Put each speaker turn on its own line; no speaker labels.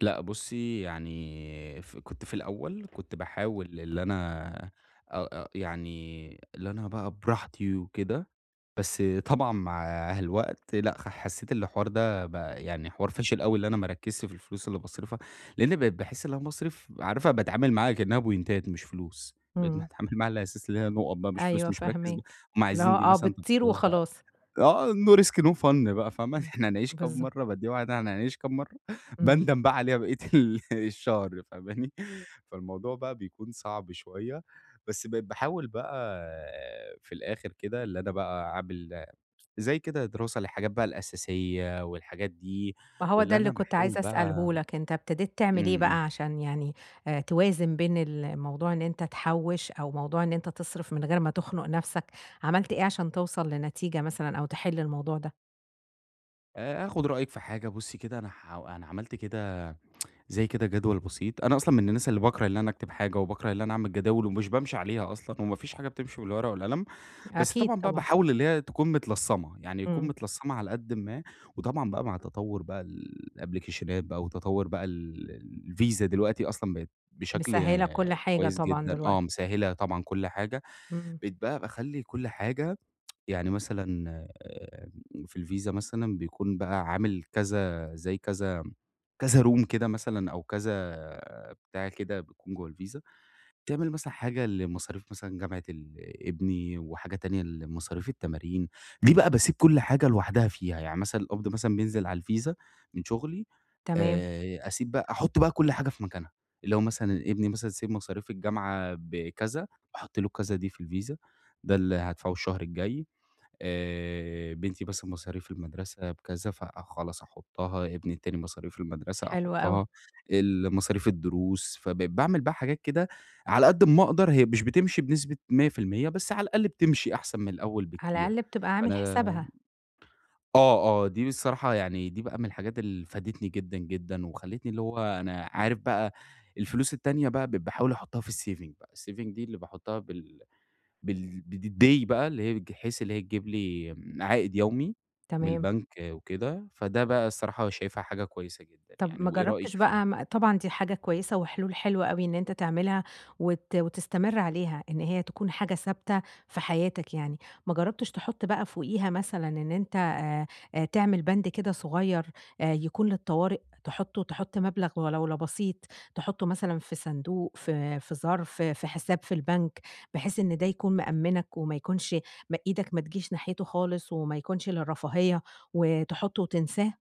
لأ، بُصي يعني ف كنت في الأول كنت باحاول اللي أنا أ أ يعني اللي أنا بَقى براحتي وكده، بس طبعًا مع الوقت لأ خ حسيت اللي الحوار ده بَقى يعني حوار فاشل أوي اللي أنا ما اركِّزش في الفلوس اللي باصرفها، لإني بقيت باحس إن أنا باصرف عارفة باتعامل معاها كأنها بوينتات مش فلوس بقيت
إمم.
متعامل معاها على أساس اللي هي نقط بَقى مش فلوس
أيوه
مش مركِّز بق
فاهماك،
هُم
اللي
عايزين
هو
دي
آه،
مثلًا
بتطير
خلاص بَقى
وخلاص.
آه no risk no fun بَقى فاهمة؟
آه،
إحنا هنعيش كام
بالضبط.
مرة بادّيها واحدة إحنا هنعيش كام مرة
إمم.
باندم بَقى عليها بقية ال الشهر فاهماني؟ فالموضوع بَقى بيكون صعب شوية بس بقيت باحاول بَقى في الآخر كده اللي أنا بَقى عامل زي كده دراسة للحاجات بَقى الأساسية والحاجات دي
ما هو ده
واللي
اللي
أنا
كنت
باحاول
عايزة
بَقى
أسأله لك، أنت ابتديت تعمل إيه
إمم، إمم.
بَقى عشان يعني توازن بين ال الموضوع إن أنت تحوِّش أو موضوع إن أنت تِصرِف من غير ما تخنق نَفْسك، عملت إيه عشان توصل لنتيجة مثلًا أو تحل الموضوع ده؟
آآ، آخد رأيِك في حاجة بُصي كده، أنا حاو أنا عملت كده زي كده جدول بسيط أنا أصلًا من الناس اللي باكره اللي أنا أكتب حاجة وباكره اللي أنا أعمل جداول ومش بامشي عليها أصلًا، وما فيش حاجة بتمشي بالورقة والقلم، بس
أكيد
طبعًا بَقى
طبعًا.
باحاول اللي هي تكون متلصمة، يعني يكون
إمم.
متلصمة على قدٍ ما، وطبعًا بَقى مع تطور بَقى ال الأبلكيشنات بَقى وتطور بَقى ال الVisa دلوقتي أصلًا بقت بشكل
مسهِلة كل حاجة
كويس
طبعًا
جدًا
دلوقتي.
آه، مِسَهِّلة طبعًا كل حاجة
إمم.
بقيت بَقى باخلِّي كل حاجة يعني مثلًا آآ، في الVisa مثلًا بيكون بَقى عامل كذا زي كذا كذا room كده مثلًا أو كذا بتاع كده بيكون جوا الVisa بتعمل مثلًا حاجة لمصاريف مثلًا جامعة ال ابني، وحاجة تانية لمصاريف التمارين دي بَقى باسيب كل حاجة لوحدها فيها، يعني مثلًا القبض مثلًا بينزل على الVisa من شغلي
تمام.
آآ، أسيب بَقى أحُط بَقى كل حاجة في مكانها لو مثلًا ابني مثلًا say مصاريف الجامعة بكذا، باحط له الكذا دي في الVisa ده اللي هادفعه الشهر الجاي آآ، بنتي مثلًا مصاريف المدرسة بكذا، فخلاص أحُطها ابني التاني مصاريف المدرسة
حلو أوي.
أحُطها، ال مصاريف الدروس، فبقيت باعمل بَقى حاجات كده على قد أما أقدر، هي مش بتمشي بنسبة 100% بس على الأقل بتمشي أحسن من الأول
على
بكتير،
الأقل بتبقى
فأنا
عامل حسابها.
آه، آه، دي بصراحة يعني دي بَقى من الحاجات اللي فادتني جدًا، جدًا، وخلتني اللي هو أنا عارف بَقى الفلوس التانية بَقى بقيت باحاول أحطها في الsaving بَقى، الsaving دي اللي باحطها بال بال د د بالday بَقى اللي هي بج حيث اللي هي تجيب لي عائد يومي من
تمام.
البنك، وكده فده بَقى الصراحة شايفها حاجة كويسة جدًا
طَب
يعني،
ما
وإيه رأيِك
جربتش
فيها؟
بَقى طبعًا دي حاجة كويسة وحلول حلوة أوي إن أنت تعملها، وت وتستمر عليها، إن هي تكون حاجة ثابتة في حياتك يعني، ما جربتش تحط بَقى فوقيها مثلًا إن أنت آآ، تعمل بند كده صغير آآ يكون للطوارئ، تحُطه تحُط مبلغ ولولا بسيط تحطه مثلًا في صندوق في في ظرف في حساب في البنك بحيث إن ده يكون مأمِّنك وما يكونش م إيدك ما تجيش ناحيته خالص، وما يكونش للرفاهية وتحُطه وتنساه؟